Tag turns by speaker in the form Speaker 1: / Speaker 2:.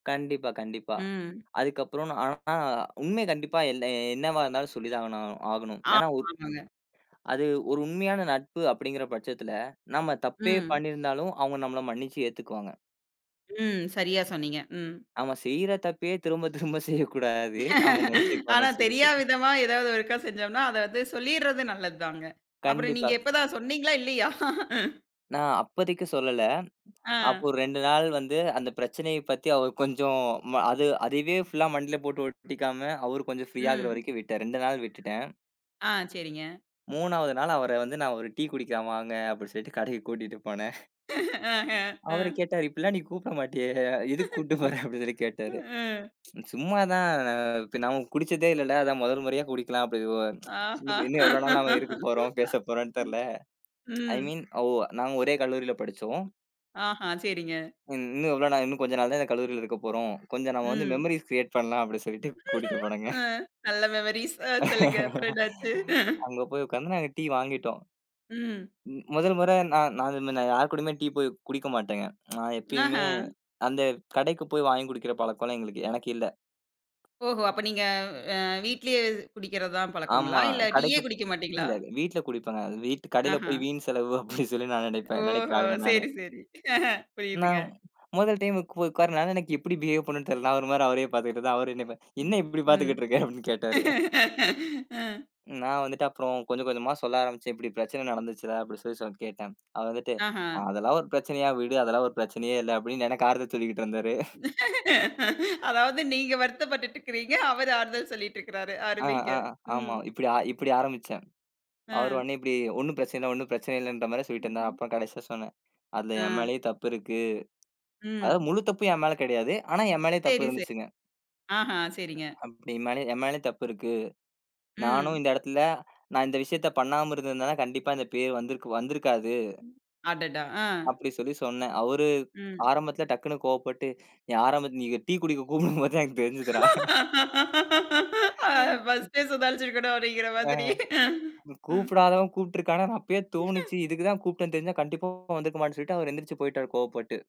Speaker 1: கண்டிப்பா கண்டிப்பா.
Speaker 2: ம்.
Speaker 1: அதுக்கு அப்புறம். நான் ஆனா அ உண்மை கண்டிப்பா என்னா என்னாவா இருந்தாலும் சொல்லி தான் ஆகனு ஆகணும். ஏன்னா
Speaker 2: ஆமா,
Speaker 1: ஒரு
Speaker 2: ஆமாங்க.
Speaker 1: அது, ஒரு உண்மையான நட்பு அப்படிங்கற பட்சத்துல, நம்ம தப்பே
Speaker 2: ம்.
Speaker 1: பண்ணீருந்தாலும் அவுங்க நம்மள மன்னிச்சு ஏத்துக்குவாங்க.
Speaker 2: ம். சரியா சொன்னீங்க, ம்.
Speaker 1: நாம செய்ற தப்பையே திரும்பத் திரும்ப செய்யக் கூடாது. அவுங்க
Speaker 2: ஆனா,
Speaker 1: மன்னிச்சிருப்பாங்கன்னு சொல்லிட்டு.
Speaker 2: தெரியா
Speaker 1: [unintelligible]
Speaker 2: விதமா, ஏதாவது ஒருக்கா செஞ்சோம்ன்னா, அத வந்து சொல்லிடறது நல்லது தாங்க. அப்புறம் நீங்க
Speaker 1: கண்டிப்பா.
Speaker 2: எப்ப தான்? சொன்னீங்களா, இல்லையா?
Speaker 1: நான் அப்பதிக்கு சொல்லல.
Speaker 2: ஆ.
Speaker 1: அப்போ 2 நாள் வந்து, அந்தப் பிரச்சனையப் பத்தி அவர் கொஞ்சம் ம அது அதுவே ஃபுல்லா ஆ மண்டையில போட்டு ஓட்டிக்காம, அவரு கொஞ்சம் ஃப்ரீ ஆகுற
Speaker 2: ம்.
Speaker 1: வரைக்கும் விட்டேன். 2 நாள் விட்டுட்டேன்.
Speaker 2: ஆ, சரிங்க.
Speaker 1: 3வது நாள் அவர வந்து நான், "ஒரு டீ குடிக்கலாம் வாங்க" அப்படி சொல்ட்டு கடைக்குக் கூட்டிட்டு போனேன்.
Speaker 2: அ அ
Speaker 1: அவரு
Speaker 2: அ.
Speaker 1: கேட்டாரு, "இப்டிலாம் நீ கூப்பிட மாட்டியே! எதுக்கு கூட்டிட்டு போற?"அப்படின்னு சொல்லி கேட்டாரு,
Speaker 2: ம்.
Speaker 1: "சும்மா தான். ப்ப நாம குடிச்சதே இல்ல ல! அதான் மொதல் முறையா குடிக்கலாம்" அப்டி வோ "இன்னு
Speaker 2: ஆஹா,
Speaker 1: ப்ப இன்னும் எவ்வளவு நாள் நம்ம இருக்கப்போறோம்? பேசப்போறோம்னு தெரியல!"
Speaker 2: ம்,
Speaker 1: ஐ
Speaker 2: ம்.
Speaker 1: மீன் ஓ வ நாங்க ஒரே கல்லூரியில படிச்சோம்.
Speaker 2: ஆஹான். சரிங்க.
Speaker 1: "ம் இன்னும் எவ்வளோ நாள்? இன்னும் கொஞ்ச நாள் தான் இந்தக் கல்லூரியில இருக்கப்போறோம். கொஞ்சம் நம்ம வந்து
Speaker 2: ம்.
Speaker 1: மெமோரீஸ் கிரியேட் பண்ணலாம்" அப்டின்னு சொல்லிட்டு கூட்டிட்டு போனேங்க.
Speaker 2: அ, நல்ல மெமரீஸ், அ சொல்லுங்க! அப்றம் என்னா ஆச்சு?
Speaker 1: அங்க போய் உக்காந்து, நாங்க டீ வாங்கிட்டோம்.
Speaker 2: ம்.
Speaker 1: ம் முதல் முறை நான் நான் இது மாரி நான் யார் கூடயுமே டீ போயி குடிக்க மாட்டேன்ங்க. நான் எப்பயுமே
Speaker 2: ஆஹா.
Speaker 1: அந்த கடைக்குப் போய் வாங்கி குடிக்கிற பழக்கம்லாம் எங்களுக்கு எனக்கு இல்ல!
Speaker 2: ஓஹோ! அப்ப நீங்க அ வீட்லயே, குடிக்கறதுதான் பழக்கங்களா?
Speaker 1: ஆமா.
Speaker 2: இல்ல, டீயே
Speaker 1: கடைக்குப்
Speaker 2: குடிக்க மாட்டீங்களா?
Speaker 1: இல்லல! வீட்டுல குடிப்பேங்க. அது வீட்டு "கடைல
Speaker 2: ஆஹா.
Speaker 1: போயி வீண் செலவு" அப்படின்னு சொல்லி நான் நெனைப்பேன் நெனைக்கிற
Speaker 2: ஓஹோ
Speaker 1: ஆளுங்க நானு.
Speaker 2: சரி சரி. புரியுதுங்க.
Speaker 1: நான் மொதல் டைமுக்கு போயி உக்காருனதுனால, எனக்கு எப்படி பிஹேவ் பண்ணணுன்னு தெரியல. நான் ஒரு மாரி அவரையே பாத்துகிட்ருந்தேன். அவரு, என்னயே பா
Speaker 2: ம்
Speaker 1: "என்னா இப்படி
Speaker 2: ம்,
Speaker 1: பாத்துகிட்டு இருக்க?" அப்படின்னு கேட்டாரு. [unintelligible]
Speaker 2: ம்.
Speaker 1: ம் நான் வந்துட்டு அப்புறம் கொஞ்சம் கொஞ்சமா சொல்ல ஆரம்பிச்சேன். இப்படி பிரச்சனை
Speaker 2: ம்.
Speaker 1: நடந்துருச்சுடா. அப்படி சொல்லி சொ கேட்டேன். அவன் வந்துட்டு,
Speaker 2: ஆஹா.
Speaker 1: "அதெல்லாம் ஒரு பிரச்சனையா? விடு. அதெல்லாம் ஒரு பிரச்சனையே இல்ல!" அப்படின்னு எனக்கு ஆறுதல் சொல்லிக்கிட்டு இருந்தாரு.
Speaker 2: அதாவது நீங்க வருத்தப்பட்டுட்டுருக்கிறீங்க, அவரு ஆறுதல் சொல்லிட்ருக்குறாரு,
Speaker 1: ஆ
Speaker 2: அருமைங்க.
Speaker 1: ஆ அ
Speaker 2: ம்.
Speaker 1: ஆமா. இப்படி ஆ இப்படி ஆரம்பிச்சேன். அவரு
Speaker 2: அ,
Speaker 1: உடனே இப்படி ஒண்ணும் பிரச்சனை இல்ல, ஒண்ணும் பிரச்சனை இல்லன்ற மாதிரி சொல்லிட்டு இருந்தா
Speaker 2: ம்ஹ்ம்.
Speaker 1: அப்புறம் கடைசியா சொன்னேன். அதுல என்
Speaker 2: ஆ.
Speaker 1: மேலயே தப்பு இருக்கு.
Speaker 2: ம்.
Speaker 1: அதாவது முழு தப்பும் என் மேல கிடையாது. ஆனா என் மேலயும் தப்பு
Speaker 2: சரி சரி.
Speaker 1: இருந்துச்சுங்க.
Speaker 2: ஆஹா சரிங்க.
Speaker 1: அப்டி என் மேல என் மேலயும் தப்பு இருக்கு. நானும்
Speaker 2: ம்.
Speaker 1: இந்த எடத்துல, நான் இந்த விஷயத்தைப் பண்ணாம இருந்திருந்தேன்னா, கண்டிப்பா இந்தப் பேரு வந்திருக்கு வந்திருக்காது.
Speaker 2: ம். அடடா. ஆ.
Speaker 1: அப்படி சொல்லி சொன்னேன். அவரு
Speaker 2: ம்.
Speaker 1: ஆரம்பத்துல டக்குன்னு கோபப்பட்டு, "நீ ஆரம்பத்துல நீ டீ குடிக்க கூப்பிடும்போதே தான் எனக்குத் தெரிஞ்சுதுரா"
Speaker 2: அ ஃபஸ்ட்டே சுதாரிச்சுருக்கணும், அப்டிங்குற
Speaker 1: [unintelligible] அ,
Speaker 2: மாதிரி? ம்.
Speaker 1: கூப்பிடாதவன் கூப்பிட்டு இருக்கான்னா! அப்பயே தோணுச்சு. இதுக்கு தான் கூப்ட்டேன்னு தெரிஞ்சா கண்டிப்பா வந்துருக்க மாட்டேன்னு சொல்லிட்டு அவரு எந்திரிச்சு போயிட்டாரு. கோவப்பட்டு.